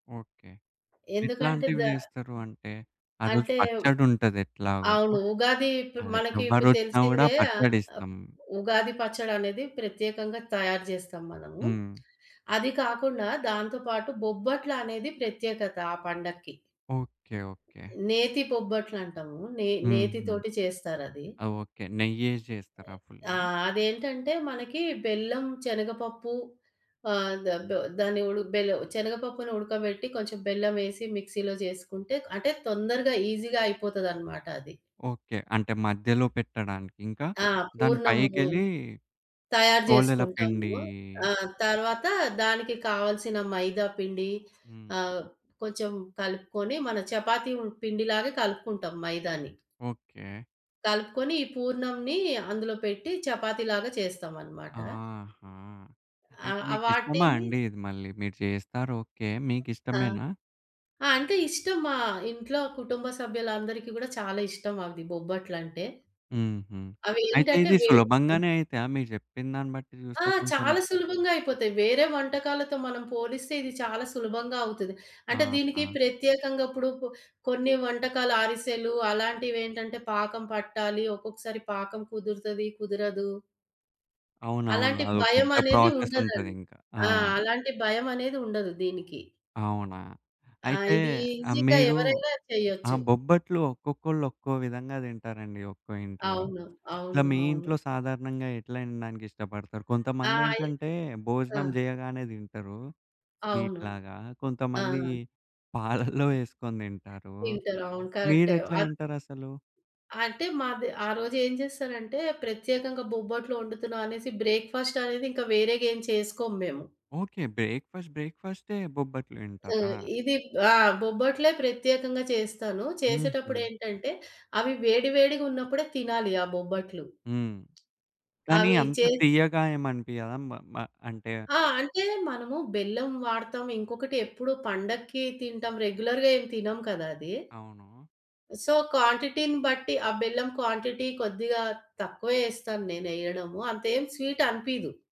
Okay. ఎందుకంటే ఎట్లాంటివి the చేస్తారు అంటే? ఆరోజు అంటే పచ్చడి ఉంటది ఎట్లాగో ఆ? అవును. ఉగాది ఇప్పు అదే మనకి ఇప్పుడు ఎవ్వరొచ్చినా గూడా తెలిసిందే. ఆహ్, పచ్చడి అప్ ఇస్తం. ఉగాది పచ్చడనేది ప్రత్యేకంగా తయారు జేస్తాం మనము. హ్మ్. అది కాకుండా దాంతో పాటు బొబ్బట్లనేది ప్రత్యేకత ఆ పండక్కి. ఓకే. ఓకే. నేతి బొబ్బట్లంటాము. నే హుహు. నేతితోటి చేస్తారది. ఆ! ఓకే. నెయ్యేశి జేస్తారా ఆ! ఫుల్లు? అదేంటంటే మనకి బెల్లం, చనగపప్పు ఆహ్, ద బొ దాన్ని ఉడ బెలు శనగపప్పుని ఉడకబెట్టి కొంచెం బెల్లవేసి, మిక్సీ‌లో జేసుకుంటే అంటే తొందరగా ఈజీగా అయిపోతదన్నమాట అది. ఓకే. అంటే మధ్యలో పెట్టడానికి ఇంక? ఆ! దాని పూర్ణము. పైకెళ్ళి తయారు పోలెల జేసుకుంటాము. పిండి. ఆ! తర్వాత దానికి కావాల్సిన మైదా పిండి హ్మ్. ఆహ్, కొంచెం కలుపుకొని మన చపాతీ ఉం పిండిలాగా కలుపుకుంటాం మైదాని. ఓకే. కలుపుకొని ఈ పూర్ణంని అందులో పెట్టి చపాతీలాగా చేస్తామన్నమాట. ఆహా! ఆ! అయితే ఆ మీకు ఇష్టమా వాటిని అండి ఇది మళ్ళీ మీరు చేస్తారు ఓకే. ఆ! మీకిష్టమేనా? ఆ అంటే ఇష్టం. మా ఇంట్లో కుటుంబ సభ్యులందరికీ గూడా చాలా ఇష్టం అది బొబ్బట్లంటే. హుహు. అయితే అవేంటంటే ఇది వే ఆ! సులభంగానే అయితయా? మీరు జెప్పినదాన్ని బట్టి ఆ! చూస్తే కొంచెం చాలా సులభంగా అయిపోతాయి. వేరే వంటకాలతో మనం పోలిస్తే ఇది చాలా సులభంగా అవుతది. అంటే దీనికి ఆహా! ప్రత్యేకంగా ఇప్పుడు పొ కొన్ని వంటకాలు అరిసెలు అలాంటివెంటంటే పాకం పట్టాలి, ఒక్కొక్కసారి పాకం కుదురుతది, కుదరదు. అవునవును. అలాంటి అదో పెద్ద భయమనేది ప్రాసెస్ ఉండదండి. ఉంటదింకా. ఆ! ఆ! అలాంటి భయమనేది ఉండదు దీనికి. అవునా! ఆ! అయితే ఇది ఆ ఈజీగా మీరు ఎవరైనా ఆ చెయ్యొచ్చు. బొబ్బట్లు ఒక్కొక్కళ్ళు ఒక్కో విధంగా దింటారండి ఒక్కో ఇంట్లో. అవును. ఇట్లా అవును. మీ అవును. ఇంట్లో సాధారణంగా ఎట్లా తినడానికి ఇష్టపడతారు? ఆ! కొంతమంది యే ఏంటంటే ఆ! భోజనం జేయగానే దింటరు అవును. స్వీటులాగా. కొంతమంది ఆ! పాలల్లో ఏసుకొని దింటారు, తింటరు. అవును. కరెక్టే. మీరెట్లా అవ్ తింటారసలు? అంటే మాది ఆ రోజు ఏం జేస్తారంటే ప్రత్యేకంగా బొబ్బట్లు ఒండుతున్నామనేసి బ్రేక్‌ఫాస్టనేది ఇంకా వేరేగేం చేసుకోము మేము. ఓకే. బ్రేక్‌ఫాస్ట్ బ్రేక్‌ఫాస్టే బొబ్బట్లు హ్మ్. దింటారా? ఇది ఆ! బొబ్బట్లే ప్రత్యేకంగా చేస్తాను. హుహు. చేసేటప్పుడేంటంటే అవి వేడి వేడిగున్నప్పుడే తినాలి ఆ బొబ్బట్లు. హ్మ్. కానీ అవి అంత చేసి తీయగా ఏమనిపియ్యదా? మ మ అంటే ఆ! అంటే మనము బెల్లం వాడతాం. ఇంకొకటి ఎప్పుడు పండక్కి తింటాం. రెగ్యులర్‌గా ఏం తినము కదా అది. అవును. సో క్వాంటిటీని బట్టి ఆ బెల్లం క్వాంటిటీ కొద్దిగా తక్కువే యేస్తాను నేను ఎయ్యడము అంతేం స్వీటనిపియదు.